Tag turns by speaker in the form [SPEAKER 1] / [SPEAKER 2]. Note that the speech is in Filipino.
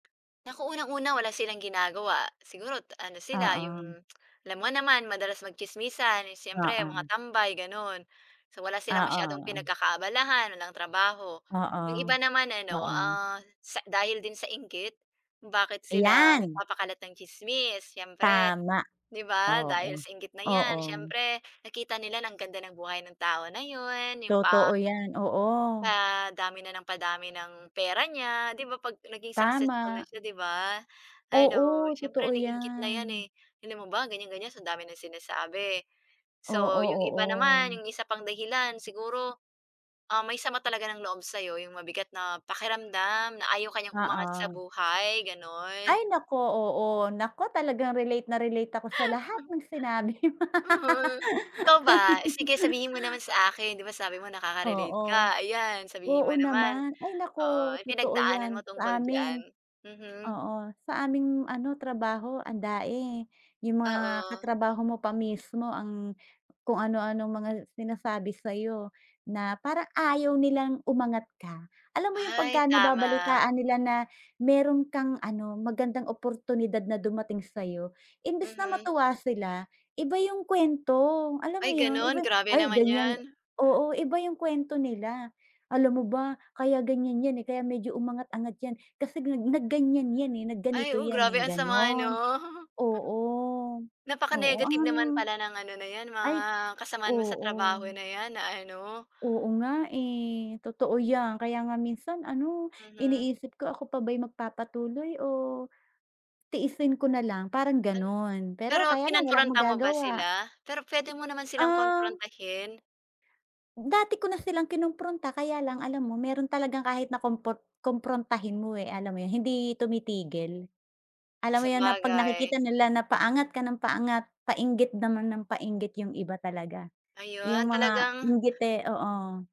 [SPEAKER 1] Naku, unang-una, wala silang ginagawa. Siguro, t ano sila,
[SPEAKER 2] Oo.
[SPEAKER 1] yung alam mo naman, madalas magtsismisan, eh, siyempre mga
[SPEAKER 2] Oo.
[SPEAKER 1] tambay, ganun. So, wala
[SPEAKER 2] Oo,
[SPEAKER 1] silang masyadong
[SPEAKER 2] oo.
[SPEAKER 1] pinagkakaabalahan, walang trabaho.
[SPEAKER 2] Oo.
[SPEAKER 1] Yung iba naman ano,
[SPEAKER 2] Oo.
[SPEAKER 1] ah, sa dahil din sa inggit, kung bakit sila
[SPEAKER 2] Ayan!
[SPEAKER 1] nagpapakalat ng tsismis. Siyempre,
[SPEAKER 2] Tama!
[SPEAKER 1] di ba? Dahil
[SPEAKER 2] Oo.
[SPEAKER 1] sa inggit na 'yan,
[SPEAKER 2] Oo.
[SPEAKER 1] siyempre nakita nila ang ganda ng buhay ng tao na yun, yung pa
[SPEAKER 2] Totoo 'yan, oo.
[SPEAKER 1] padami na nang padami ng pera niya. Di ba 'pag naging successful
[SPEAKER 2] Tama.
[SPEAKER 1] na siya, 'di ba? Ano,
[SPEAKER 2] Oo,
[SPEAKER 1] siyempre
[SPEAKER 2] totoo
[SPEAKER 1] naiinggit na 'yan,
[SPEAKER 2] 'yan.
[SPEAKER 1] eh. Alam mo ba, ganiyan-ganiyan sa dami ng sinasabi. So,
[SPEAKER 2] Oo,
[SPEAKER 1] yung iba naman,
[SPEAKER 2] oo.
[SPEAKER 1] yung isa pang dahilan, siguro, ah, may sama talaga ng loob sa'yo, yung mabigat na pakiramdam na ayaw ka niyang umangat sa
[SPEAKER 2] Oo.
[SPEAKER 1] buhay, gano'n.
[SPEAKER 2] Ay, naku. Oo, naku talagang relate na relate ako sa lahat ng sinabi mo.
[SPEAKER 1] Mm. Ikaw ba, sige sabihin mo naman sa akin. Di ba sabi mo nakaka-relate
[SPEAKER 2] Oo.
[SPEAKER 1] ka, ayan, sabihin
[SPEAKER 2] Oo
[SPEAKER 1] mo naman.
[SPEAKER 2] naman. Ay,
[SPEAKER 1] Oo,
[SPEAKER 2] naku!
[SPEAKER 1] anong
[SPEAKER 2] Totoo
[SPEAKER 1] pinagdaanan
[SPEAKER 2] 'yan
[SPEAKER 1] mo tungkol
[SPEAKER 2] sa
[SPEAKER 1] diyan?
[SPEAKER 2] amin.
[SPEAKER 1] Mhm.
[SPEAKER 2] Oo, sa aming ano, trabaho andami. Yung mga
[SPEAKER 1] Oo.
[SPEAKER 2] katrabaho mo pa mismo ang kung ano-anong mga sinasabi sa'yo na parang ayaw nilang umangat ka. Alam mo yung pagka
[SPEAKER 1] Ay, tama.
[SPEAKER 2] nababalitaan nila na meron kang ano, magandang oportunidad na dumating sa'yo, imbes na
[SPEAKER 1] Mhm.
[SPEAKER 2] matuwa sila, iba yung kuwento. Alam
[SPEAKER 1] Ay,
[SPEAKER 2] mo yun, iba
[SPEAKER 1] gano'n? Grabe
[SPEAKER 2] ay,
[SPEAKER 1] naman
[SPEAKER 2] ganiyan.
[SPEAKER 1] 'yan.
[SPEAKER 2] Oo, iba yung kuwento nila. Alam mo ba, kaya ganiyan 'yan, eh, kaya medyo umangat-angat 'yan, kasi nag nag-ganiyan 'yan, eh,
[SPEAKER 1] Ay,
[SPEAKER 2] nag-ganito
[SPEAKER 1] oh,
[SPEAKER 2] 'yan, eh,
[SPEAKER 1] grabe ang sama 'no.
[SPEAKER 2] gano'n. Oo. Oo,
[SPEAKER 1] Napaka-negative
[SPEAKER 2] an
[SPEAKER 1] naman pala ng ano na 'yan,
[SPEAKER 2] ay,
[SPEAKER 1] mga kasamahan mo sa
[SPEAKER 2] oo.
[SPEAKER 1] trabaho na 'yan na ano
[SPEAKER 2] Oo nga, eh. Totoo 'yan. Kaya nga minsan ano,
[SPEAKER 1] Mhm.
[SPEAKER 2] iniisip ko, ako pa ba'y magpapatuloy o tiisin ko na lang, parang
[SPEAKER 1] Ano
[SPEAKER 2] gano'n. Pero
[SPEAKER 1] pero
[SPEAKER 2] kaya lang, wala kang
[SPEAKER 1] kinompronta mo ba
[SPEAKER 2] magagawa.
[SPEAKER 1] sila? Pero puwede mo naman silang
[SPEAKER 2] Um
[SPEAKER 1] komprontahin.
[SPEAKER 2] Dati ko na silang kinompronta. Kaya lang alam mo, meron talagang kahit na kompor komprontahin mo, eh, alam mo yun, hindi tumitigil. Alam mo yun na 'pag
[SPEAKER 1] Sabagay.
[SPEAKER 2] nakikita nila na paangat ka nang paangat, painggit naman nang painggit yung iba talaga, yung
[SPEAKER 1] Ayon,
[SPEAKER 2] mga
[SPEAKER 1] talagang
[SPEAKER 2] inggite oo.